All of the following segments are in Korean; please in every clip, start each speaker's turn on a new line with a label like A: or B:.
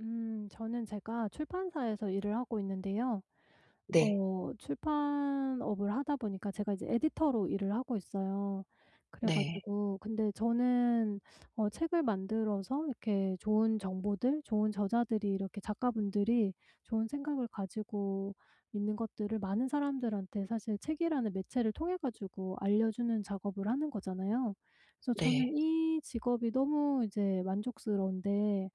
A: 음. 저는 제가 출판사에서 일을 하고 있는데요
B: 네.
A: 어 출판업을 하다 보니까 제가 이제 에디터로 일을 하고 있어요. 그래
B: 네.
A: 가지고 근데 저는 어 책을 만들어서 이렇게 좋은 정보들 좋은 저자들이 이렇게 작가분들이 좋은 생각을 가지고 있는 것들을 많은 사람들한테 사실 책이라는 매체를 통해 가지고 알려주는 작업을 하는 거잖아요. 그래서
B: 네.
A: 저는 이 직업이 너무 이제 만족스러운데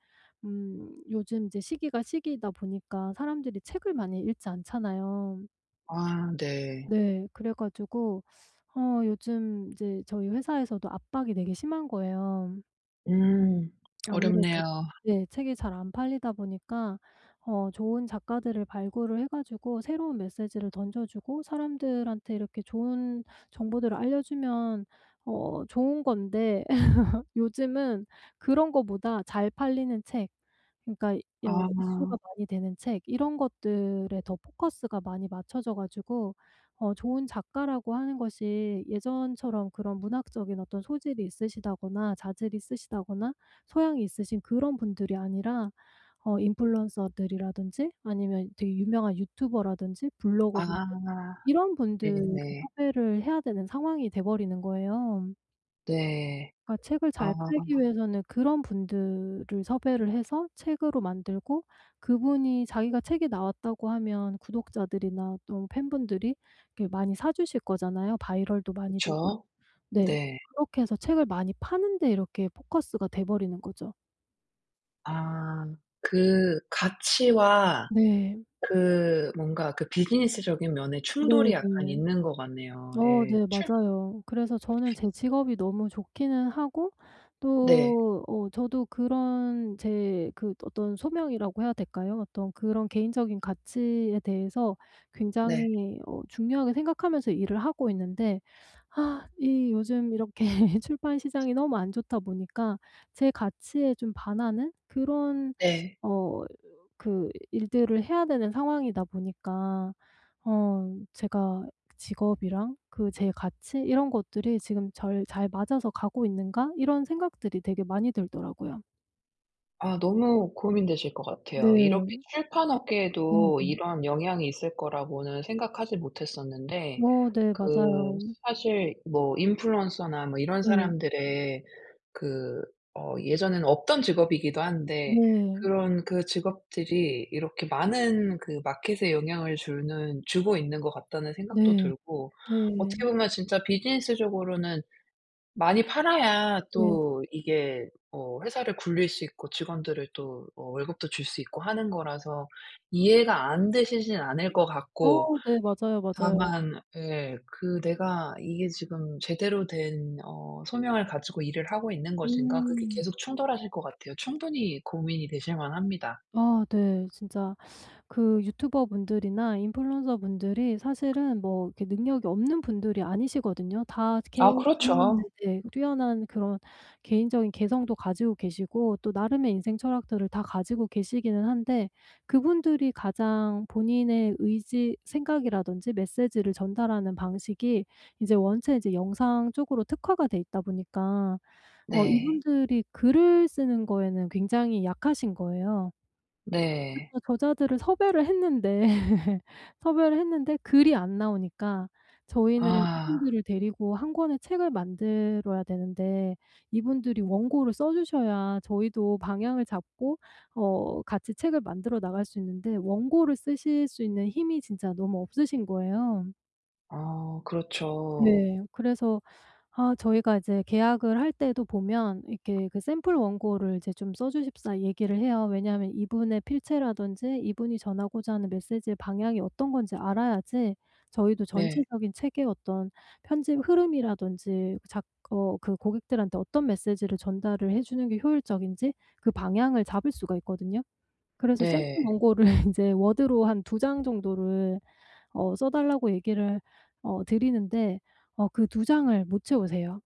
A: 음 요즘 이제 시기가 시기이다 보니까 사람들이 책을 많이 읽지 않잖아요.
B: 아 네.
A: 네. 그래 가지고 어 요즘 이제 저희 회사에서도 압박이 되게 심한 거예요.
B: 음.
A: 아무래도
B: 어렵네요.
A: 예. 책이 잘 안 팔리다 보니까 어 좋은 작가들을 발굴을 해 가지고 새로운 메시지를 던져주고 사람들한테 이렇게 좋은 정보들을 알려주면 어 좋은 건데 요즘은 그런 거보다 잘 팔리는 책, 그러니까 여 이슈가
B: 아.
A: 많이 되는 책, 이런 것들에 더 포커스가 많이 맞춰져 가지고 어 좋은 작가라고 하는 것이 예전처럼 그런 문학적인 어떤 소질이 있으시다거나 자질이 있으시다거나 소양이 있으신 그런 분들이 아니라 어 인플루언서들이라든지 아니면 되게 유명한 유튜버라든지 블로거분들
B: 아.
A: 이런 분들을
B: 네네.
A: 섭외를 해야 되는 상황이 돼 버리는 거예요.
B: 네.
A: 그러니까 책을
B: 아.
A: 잘 팔기 위해서는 그런 분들을 섭외를 해서 책으로 만들고 그분이 자기가 "책에 나왔다."고 하면 구독자들이나 또 팬분들이 이렇게 많이 사 주실 거잖아요 바이럴도 많이 되고.
B: 그쵸.
A: 네.
B: 네.
A: 그렇게 해서 책을 많이 파는 데 이렇게 포커스가 돼 버리는 거죠.
B: 아. 그 가치와
A: 네.
B: 그 뭔가 그 비즈니스적인 면에
A: 네
B: 충돌이 약간
A: 네.
B: 있는 것 같네요.
A: 어
B: 예.
A: 네
B: 출
A: 맞아요. 그래서 저는 제 직업이 너무 좋기는 하고
B: 네.
A: 또 어 저도 그런 제 그 어떤 소명이라고 해야 될까요? 어떤 그런 개인적인 가치에 대해서
B: 네.
A: 굉장히 어 중요하게 생각하면서 일을 하고 있는데 아 이 요즘 이렇게 출판 시장이 너무 안 좋다 보니까 제 가치에 좀 반하는 그런
B: 네.
A: 어 그 일들을 해야 되는 상황이다 보니까 어 제가 직업이랑 그 제 가치 이런 것들이 지금 절 '잘 맞아서 가고 있는가?' 이런 생각들이 되게 많이 들더라고요.
B: 아 너무 고민되실 것 같아요. 이렇게
A: 네.
B: 출판업계에도
A: 네네.
B: 이런 영향이 있을 거라고는 생각하지 못했었는데
A: 어 네
B: 그
A: 맞아요.
B: 사실 뭐 인플루언서나 뭐 이런
A: 네.
B: 사람들의 그 어 예전에는 없던 직업이기도 한데
A: 네.
B: 그런 그 직업들이 이렇게 많은 그 마켓에 영향을 주는 '주고 있는 것 같다.'는 생각도
A: 네.
B: 들고 어떻게
A: 네.
B: 보면 진짜 비즈니스적으로는 많이 팔아야
A: 네.
B: 또 이게 어 회사를 굴릴 수 있고 직원들을 또 어 월급도 줄 수 있고 하는 거라서 이해가 안 되시지는 않을 것 같고.
A: 어 네 맞아요, 맞아요.
B: 다만 예. 그 '내가 이게 지금 제대로 된 어 소명을 가지고 일을 하고 있는 것인가?' 그게
A: 음.
B: 계속 충돌하실 것 같아요. 충분히 고민이 되실 만합니다.
A: 아 네. 진짜 그 유튜버분들이나 인플루언서분들이 사실은 뭐 이렇게 능력이 없는 분들이 아니시거든요. 다 개
B: 아
A: 개인 분들
B: 그렇죠.
A: 네. 뛰어난 그런 개인적인 개성도 가지고 계시고 또 나름의 인생철학들을 다 가지고 계시기는 한데 그분들이 가장 본인의 의지 생각이라든지 메시지를 전달하는 방식이 이제 원체 이제 영상 쪽으로 특화가 돼 있다 보니까 어
B: 네.
A: 이분들이 글을 쓰는 거에는 굉장히 약하신 거예요.
B: 네.
A: 그래서 저자들을 섭외를 했는데 섭외를 했는데 글이 안 나오니까 저희는
B: 아.
A: 이분들을 데리고 1 권의 책을 만들어야 되는데 이분들이 원고를 써 주셔야 저희도 방향을 잡고 어 같이 책을 만들어 나갈 수 있는데 원고를 쓰실 수 있는 힘이 진짜 너무 없으신 거예요.
B: 아. 그렇죠.
A: 네. 그래서 아 저희가 이제 계약을 할 때도 보면 이렇게 그 샘플 원고를 좀 써 주십사 얘기를 해요. 왜냐하면 이분의 필체라든지 이분이 전하고자 하는 메시지의 방향이 어떤 건지 알아야지 저희도
B: 네.
A: 전체적인 책의 어떤 편집 흐름이라든지 작 어 그 고객들한테 어떤 메시지를 전달을 해 주는 게 효율적인지 그 방향을 잡을 수가 있거든요. 그래서 샘플
B: 네.
A: 원고를 인제 워드로 한 2 장 정도를 어 써달라고 얘기를 어 드리는데 어 그 2 장을 못 채우세요.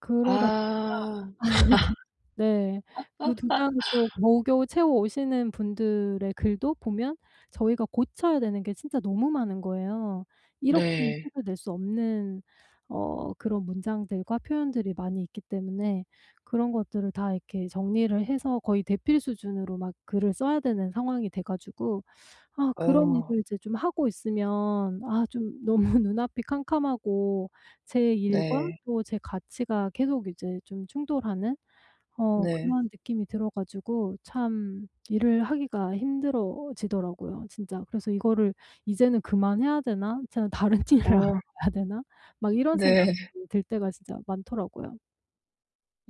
A: 그러다 보니까
B: 아.
A: 네 그 2 장을 또 겨우겨우 채워 오시는 분들의 글도 보면 저희가 고쳐야 되는 게 진짜 너무 많은 거예요. 이렇게는
B: 네.
A: 책을 낼 수 없는 어 그런 문장들과 표현들이 많이 있기 때문에 그런 것들을 다 이렇게 정리를 해서 거의 대필 수준으로 막 글을 써야 되는 상황이 돼 가지고 아 그런
B: 어.
A: 일을 이제 좀 하고 있으면 아 좀 너무 눈앞이 캄캄하고 제 일과
B: 네.
A: 또 제 가치가 계속 이제 좀 충돌하는 어
B: 네.
A: 그러한 느낌이 들어 가지고 참 일을 하기가 힘들어지더라고요 진짜. 그래서 '이거를 이제는 그만해야 되나? 이제는 다른 일을
B: 어.
A: 알아봐야 되나?' 막 이런 생각이
B: 네.
A: 들 때가 진짜 많더라고요.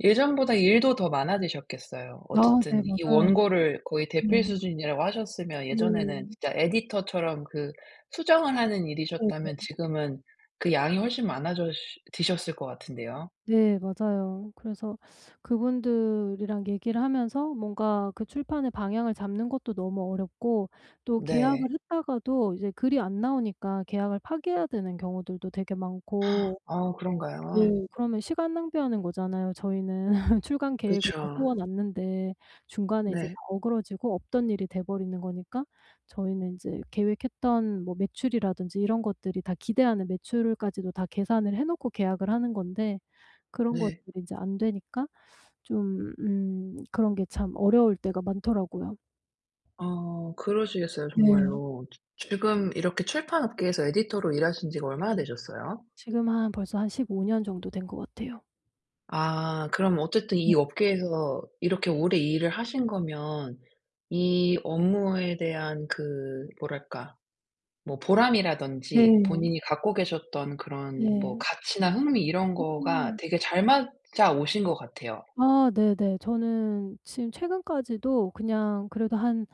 B: 예전보다 일도 더 많아지셨겠어요.
A: 아 네
B: 어쨌든 이
A: 맞아요.
B: 원고를 거의
A: 네.
B: 대필 수준이라고 하셨으면 예전에는
A: 네.
B: 진짜 에디터 처럼 그 수정을 하는
A: 네네.
B: 일이셨다면 지금은 그 양이 훨씬 많아졌 지셨을 것 같은데요.
A: 네 맞아요. 그래서 그분들이랑 얘기를 하면서 뭔가 그 출판의 방향을 잡는 것도 너무 어렵고 또 계약을
B: 네.
A: 했다가도 이제 글이 안 나오니까 계약을 파기해야 되는 경우들도 되게 많고
B: 아 그런가요?
A: 네 그러면 시간 낭비하는 거잖아요 저희는. 출간 계획을
B: 그쵸.
A: 다 세워 놨는데 중간에 이제
B: 네.
A: 어그러지고 없던 일이 돼 버리는 거니까 저희는 이제 계획했던 뭐 매출이라든지 이런 것들이 다 기대하는 매출까지도 다 계산을 해 놓고 계약을 하는 건데 그런
B: 네.
A: 것들이 이제 안 되니까 좀 음 그런 게 참 어려울 때가 많더라고요.
B: 어 그러시겠어요
A: 네.
B: 정말로. 지 지금 이렇게 출판 업계에서 에디터로 일하신지가 얼마나 되셨어요?
A: 지금 한 벌써 한 15 년 정도 된 것 같아요.
B: 아 그럼 어쨌든
A: 네.
B: 이 업계에서 이렇게 오래 일을 하신 거면 이 업무에 대한 그 뭐랄까 뭐 보람이라든지
A: 네.
B: 본인이 갖고 계셨던 그런 뭐
A: 네.
B: 가치나 흥미 이런 거가
A: 음.
B: 되게 잘 맞아 오신 것 같아요.
A: 아 네네. 저는 지금 최근까지도 그냥 그래도 한,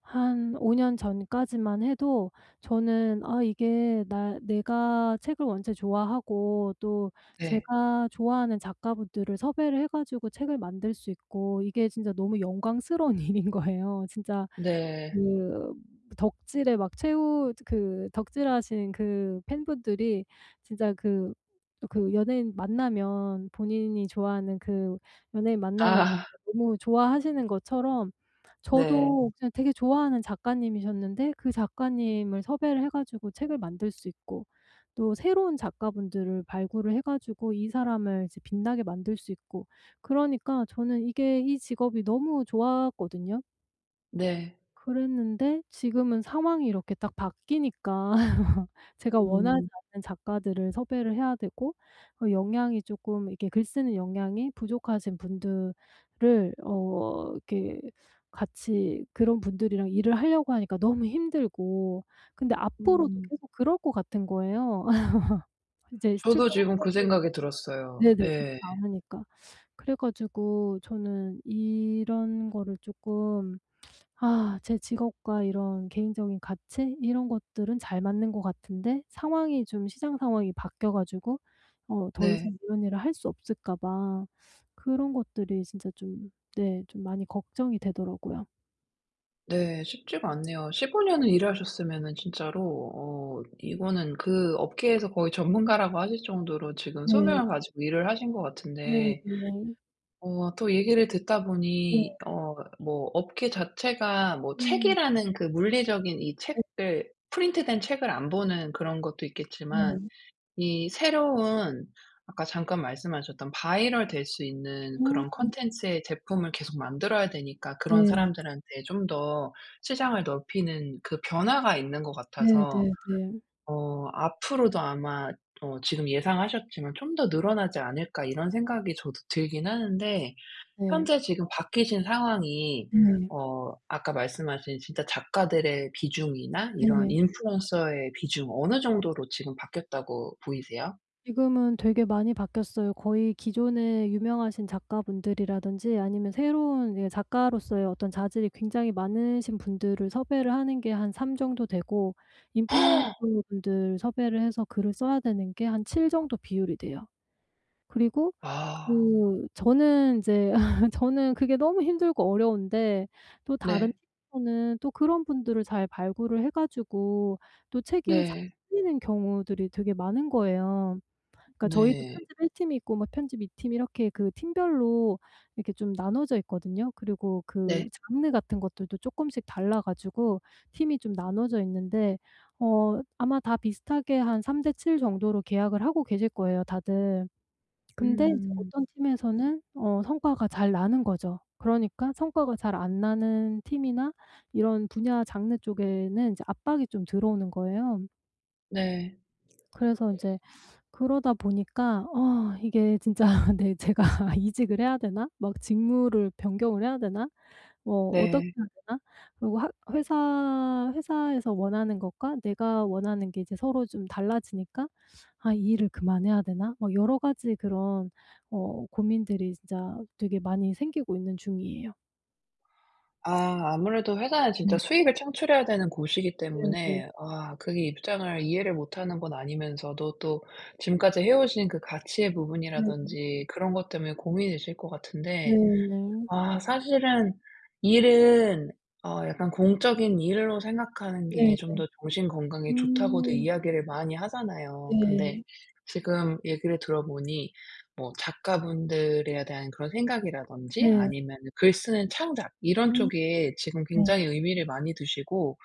A: 한 5 년 전까지만 해도 저는 아 이게 나 내가 책을 원체 좋아하고 또
B: 네.
A: 제가 좋아하는 작가분들을 섭외를 해 가지고 책을 만들 수 있고 이게 진짜 너무 영광스러운 일인 거예요. 진짜
B: 네.
A: 그 덕질의 막 최후 그 덕질하신 그 팬분들이 진짜 그 그 연예인 만나면 본인이 좋아하는 그 연예인 만나면
B: 아.
A: 너무 좋아하시는 것처럼
B: 네.
A: 저도 그게 되게 좋아하는 작가님이셨는데 그 작가님을 섭외를 해 가지고 책을 만들 수 있고 또 새로운 작가분들을 발굴을 해 가지고 이 사람을 이제 빛나게 만들 수 있고. 그러니까 저는 이게 이 직업이 너무 좋았거든요.
B: 네.
A: 그랬는데 지금은 상황이 이렇게 딱 바뀌니까 제가 원하지
B: 음.
A: 않는 작가들을 섭외를 해야 되고 그 역량이 쪼끔 이렇게 글 쓰는 역량이 부족하신 분들을 어 이렇게 같이 그런 분들이랑 일을 하려고 하니까 너무 힘들고 근데 앞으로도
B: 음.
A: 계속 그럴 것 같은 거예요. 이제
B: 저도
A: 출판
B: 지금 그
A: 환경이
B: 생각이 들었어요.
A: 네네 좋지
B: 예.
A: 않으니까. 그래 가지고 저는 이런 거를 쪼끔 아 제 직업과 이런 개인적인 가치 이런 것들은 잘 맞는 것 같은데 상황이 좀 시장 상황이 바뀌어 가지고 어 더 이상
B: 네.
A: 이런 일을 할 수 없을까 봐 그런 것들이 진짜 좀 네 좀 많이 걱정이 되더라고요.
B: 네. 쉽지가 않네요. 15 년을 일하셨으면은 진짜로 어 이거는 그 업계에서 거의 전문가라고 하실 정도로 지금
A: 네.
B: 소명을 가지고 일을 하신 것
A: 네
B: 같은데
A: 네.
B: 어 또 얘기를 듣다
A: 네.
B: 보니 어 뭐 업계 자체가 뭐
A: 음.
B: 책이라는 그 물리적인 이
A: 네.
B: 책을 프린트된 책을 안 보는 그런 것도 있겠지만
A: 네.
B: 이 새로운 아까 잠깐 말씀하셨던 바이럴 될 수 있는 그런
A: 음.
B: 콘텐츠의 제품을 계속 만들어야 되니까 그런
A: 네.
B: 사람들한테 좀 더 시장을 넓히는 그 변화가 있는 것
A: 네
B: 같아서
A: 네 네.
B: 어 앞으로도 아마 어 지금 예상하셨지만 '좀 더 늘어나지 않을까.' 이런 생각이 저도 들긴 하는데
A: 네.
B: 현재 지금 바뀌신 상황이
A: 네.
B: 어 아까 말씀하신 진짜 작가들의 비중이나 이런
A: 네.
B: 인플루언서의 비중 어느 정도로 지금 바뀌었다고 보이세요?
A: 지금은 되게 많이 바뀌었어요. 거의 기존에 유명하신 작가분들이라든지 아니면 새로운 예 작가로서의 어떤 자질이 굉장히 많으신 분들을 섭외를 하는 게 한 3 정도 되고 인플루언서분들 섭외를 해서 글을 써야 되는 게 한 7 정도 비율이 돼요. 그리고
B: 아.
A: 그 저는 이제 저는 그게 너무 힘들고 어려운데 또 다른
B: 네.
A: 팀원은 또 그런 분들을 잘 발굴을 해 가지고 또 책이 잘
B: 네.
A: 풀리는 경우들이 되게 많은 거예요. 그러니까 저희도
B: 네.
A: 편집 1 팀이 있고 막 편집 2 팀 이렇게 그 팀별로 이렇게 좀 나눠져 있거든요. 그리고 그
B: 네.
A: 장르 같은 것들도 쪼끔씩 달라 가지고 팀이 좀 나눠져 있는데 어 아마 다 비슷하게 한 3 대 7 정도로 계약을 하고 계실 거예요 다들. 근데 이제
B: 음.
A: 어떤 팀에서는 어 성과가 잘 나는 거죠. 그러니까 성과가 잘 안 나는 팀이나 이런 분야 장르 쪽에는 이제 압박이 좀 들어오는 거예요.
B: 네.
A: 그래서 이제 그러다 보니까 아 이게 진짜 '내 제가 이직을 해야 되나? 막 직무를 변경을 해야 되나? 뭐 어떻게
B: 네.
A: 해야 되나?' 그리고 하 회사, 회사에서 원하는 것과 내가 원하는 게 이제 서로 좀 달라지니까 '아 이 일을 그만해야 되나?' 막 여러 가지 그런 어 고민들이 진짜 되게 많이 생기고 있는 중이에요.
B: 아 아무래도 회사는
A: 음.
B: 진짜 수익을 창출해야 되는 곳이기
A: 네네.
B: 때문에 아 그게 입장을 이해를 못 하는 건 아니면서도 또 지금까지 해오신 그 가치의
A: 네.
B: 부분이라든지 그런 것 때문에 고민이실 것 같은데,
A: 네예.
B: 아 사실은 일은 어 약간 공적인 일로 생각하는 게
A: 네네.
B: 좀 더 정신 건강에 좋다고도
A: 음.
B: 이야기를 많이 하잖아요. 근데
A: 네.
B: 지금 얘기를 들어보니 뭐 작가분들에 대한 그런 생각이라든지
A: 네.
B: 아니면은 글 쓰는 창작 이런
A: 음.
B: 쪽에 지금
A: 네.
B: 굉장히 의미를 많이 두시고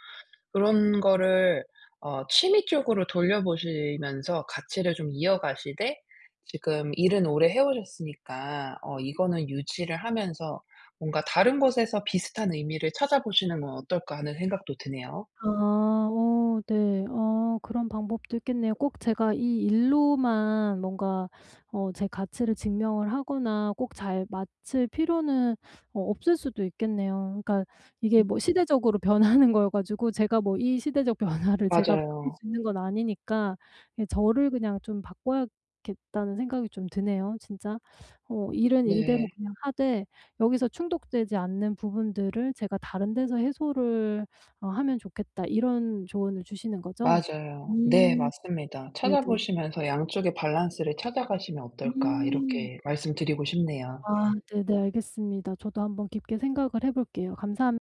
B: 그런 거를 어 취미 쪽으로 돌려보시면서 가치를 좀 이어가시되 지금 일은 오래 해오셨으니까 어 이거는 유지를 하면서 뭔가 다른 곳에서 비슷한 의미를 찾아보시는 건 어떨까 하는 생각도 드네요.
A: 아. 어 네. 어 그런 방법도 있겠네요. 꼭 제가 이 일로만 뭔가 어 제 가치를 증명을 하거나 꼭 잘 맞출 필요는 어 없을 수도 있겠네요. 그러니까 이게
B: 음.
A: 뭐 시대적으로 변하는 거여 가지고 제가 뭐 이 시대적 변화를 제가 바꿀
B: 맞아요.
A: 수 있는 건 아니니까 예 저를 그냥 좀 바꿔야겠다는 생각이 좀 드네요, 진짜. 어 '일은 일대로
B: 네.
A: 그냥 하되 여기서 충족되지 않는 부분들을 제가 다른 데서 해소를 어 하면 좋겠다.' 이런 조언을 주시는 거죠?
B: 맞아요. 네
A: 음.
B: 맞습니다.
A: 네네.
B: 찾아보시면서 양쪽의 밸런스를 찾아가시면 어떨까
A: 음.
B: 이렇게 말씀드리고 싶네요.
A: 아 네네. 알겠습니다. 저도 한번 깊게 생각을 해볼게요. 감사합